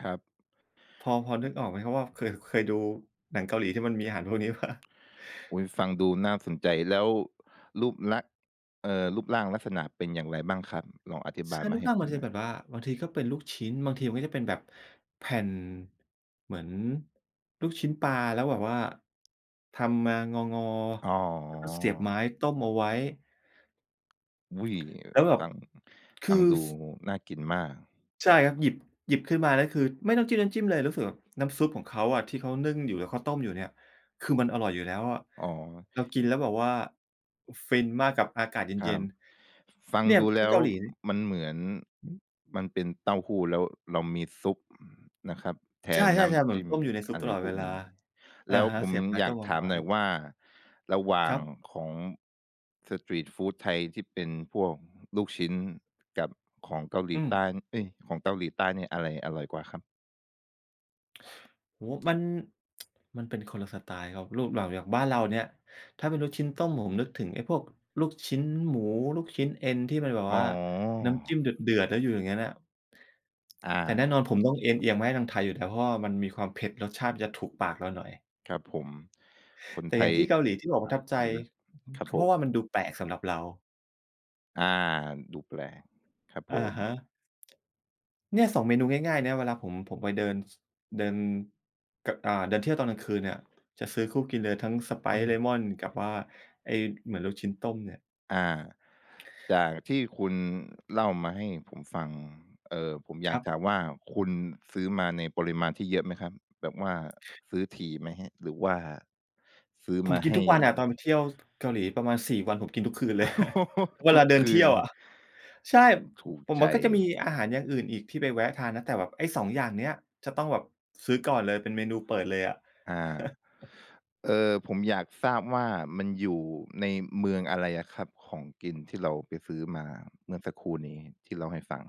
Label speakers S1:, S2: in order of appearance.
S1: ครับ
S2: พอ พอนึกออกไหมครับว่า เคย เคยดูหนังเกาหลีที่มันมีอาหารพวกนี้เปล่า?
S1: อุ๊ย ฟังดูน่าสนใจ แล้วรูปลักษณ์ เอ่อ รูปร่างลักษณะเป็นอย่างไรบ้างครับ? ลองอธิบ
S2: ช
S1: าย
S2: า
S1: ม
S2: ลู
S1: าใ
S2: ก
S1: ห้
S2: ร่าง
S1: ผ
S2: มั
S1: ม
S2: นจ
S1: ห
S2: ะ
S1: น่อ
S2: ป
S1: ย
S2: ว่า บางทีก็เป็นลูกชิ้น บางทีมันก็จะเป็นแบบแผ่นเหมือนลูกชิ้นปลา แล้วแบบว่า ทำมางอ
S1: อ๋
S2: ๆ แล้วก็เสียบไม
S1: อ
S2: ้ต้มเอาไว้
S1: อุ๊ย
S2: แล้วแบบ
S1: ฟัง
S2: ค
S1: ฟั
S2: ื
S1: ง
S2: อ
S1: ดู
S2: ส
S1: น่ากินมาก
S2: ใช่ครับ หยิบ หยิบขึ้นมาแล้ว คือไม่ต้องจิ้มน้ำจิ้มเลย รู้สึกแบบน้ำซุปของเขาอะที่เข้านึ่งอยู่ หรือเขาต้มอยู่เนี่ย คือมันอร่อยอยู่แล้วอะ
S1: อ๋อ
S2: เรากินแล้วแบบว่า อ ฟินมากกับอากาศเ
S1: ค
S2: ย
S1: รั
S2: ็น
S1: บ ฟั
S2: ๆ
S1: ง
S2: เนี่ย
S1: ดู
S2: ท
S1: แล
S2: ี่
S1: ้
S2: เก
S1: ว
S2: าหลี น
S1: มันเหมือน
S2: ฮึ
S1: มันเป็นเต้าหู้แล้วเรามีซุปนะครับแท
S2: ใช่
S1: นน้
S2: ๆ ๆ เ
S1: ำ
S2: หม
S1: จ
S2: ือน
S1: ิ้ม
S2: ต้มอยู่ในซุป
S1: อะ
S2: ต
S1: ไร
S2: ลอด
S1: พ
S2: เ
S1: ว
S2: ว
S1: ก
S2: ลา
S1: นี้
S2: อ
S1: แ
S2: ะ
S1: ล้ว
S2: ฮะ
S1: ผ
S2: เส
S1: ม
S2: ียบไม้
S1: อย
S2: ต
S1: า
S2: ้
S1: ก
S2: มเอ
S1: ถ
S2: า
S1: าม
S2: ไว
S1: ห
S2: ้
S1: น่อยว่าระหว่า
S2: คร
S1: ง
S2: ับ
S1: ของสตรีตฟูดไทยที่เป็นพวกลูกชิ้นกับของเกาหล
S2: อ
S1: ี
S2: ื
S1: ใต้
S2: ม
S1: เอ๊ย ของเตาหลีใต้เนี่ย อะไรอร่อยกว่าครับ?
S2: โอ้โฮ! มัน มันเป็นคนละสไตล์ครับ รูปเหล่า อย่างบ้านเราเนี่ย ถ้าเป็นลูกชิ้นต้มผมนึกถึงไอ้พวกลูกชิ้นหมู ลูกชิ้นเอ็นที่มันแบบ
S1: อ
S2: ว
S1: ๋
S2: ่
S1: อ
S2: า น้ำจิ้มเดือด ๆ แล้วอยู่อย่างงั้นน่ะ
S1: อ
S2: แต่แน
S1: า
S2: ่นอนผมต้องเอนเอียงมาให้ทางไทยอยู่แล้ว เพราะว่ามันมีความเผ็ด รสชาติมันจะถูกปากเราหน่อย
S1: ครับผม คน
S2: แต่
S1: ไท
S2: อย่าง
S1: ย
S2: ที่เกาหลีที่บอกประ
S1: ถูกป
S2: ท
S1: า
S2: ั
S1: ก
S2: บใจ
S1: อยู่แล้ว ครับ
S2: ก็
S1: ผ
S2: เพรา
S1: ม
S2: ะว่ามันดูแปลกสำหรับเรา
S1: อา ดูแปลก ครับ
S2: อะ
S1: ผ
S2: ฮะ
S1: ม
S2: เนี่ย 2 เมนูง่าย ๆ นะ เวลาผม ผมไปเดิน ส เดิน ก อ่า เดินเที่ยวตอนกลางคืนเนี่ย จะซื้อคู่กินเลย ทั้ง
S1: อื
S2: Sprite
S1: ม
S2: เลมอน กับว่าไอ้เหมือนลูกชิ้นต้มเนี่ย
S1: อา จากที่คุณเล่ามาให้ผมฟัง เอ่อ ผมอย
S2: ค
S1: า
S2: รั
S1: ก
S2: บ
S1: ถามว่าคุณซื้อมาในปริมาณที่เยอะไหมครับ? แบบว่าซื้อถี่ไหมครับ? หรือว่าซื้อ
S2: ผ
S1: ม
S2: ม
S1: า
S2: กิ
S1: ใ
S2: น
S1: ห
S2: ท
S1: ้
S2: ุกวันอะตอนไปเที่ยว เกาหลีประมาณ 4 วัน ผมกินทุกคืนเลย เว
S1: ท
S2: ล
S1: ุ
S2: า
S1: ก
S2: เดิ
S1: ค
S2: นเ
S1: ื
S2: ที
S1: น
S2: ่ยว
S1: เล
S2: อ
S1: ย
S2: ะ ใช่
S1: ถูก
S2: ผม
S1: ใจ
S2: ว่าก็จะมี
S1: ไง
S2: อาหารอย่างอื่นอีกที่ไปแวะทานนะ แต่แบบ ไอ้ 2 อย่างเนี้ยจะต้องแบบซื้อก่อนเลยเป็นเมนูเปิดเลยอะ
S1: อา เออ ผมอยากทราบว่ามันอยู่ในเมืองอะไรอะครับ? ของกินที่เราไปซื้อมาเมื่อสักครู่นี้ที่เล่าให้ฟัง